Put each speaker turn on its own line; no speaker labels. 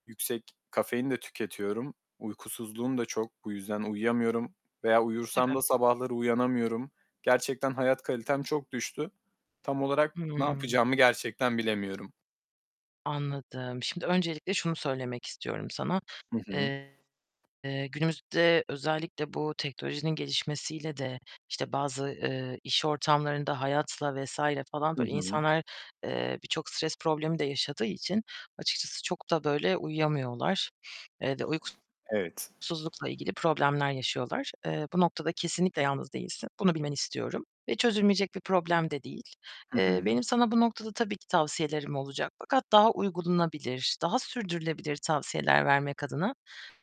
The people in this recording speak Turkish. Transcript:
Yüksek kafein de tüketiyorum. Uykusuzluğum da çok, bu yüzden uyuyamıyorum veya uyursam
Tabii.
da sabahları uyanamıyorum. Gerçekten hayat kalitem çok düştü. Tam olarak ne
Hıı.
yapacağımı gerçekten bilemiyorum.
Anladım. Şimdi öncelikle şunu söylemek istiyorum sana.
Hı hı.
Eee, günümüzde özellikle bu teknolojinin gelişmesiyle de, işte, bazı, eee, iş ortamlarında, hayatla vs. falan
Hı
böyle
hı.
insanlar, eee, birçok stres problemi de yaşadığı için açıkçası çok da böyle uyuyamıyorlar. [unintelligible]
Evet.
uykusuzlukla ilgili problemler yaşıyorlar. Eee, bu noktada kesinlikle yalnız değilsin. Bunu bilmeni istiyorum. Ve çözülmeyecek bir problem de değil.
Hı
Eee,
hı.
benim sana bu noktada tabii ki tavsiyelerim olacak fakat daha uygulanabilir, daha sürdürülebilir tavsiyeler vermek adına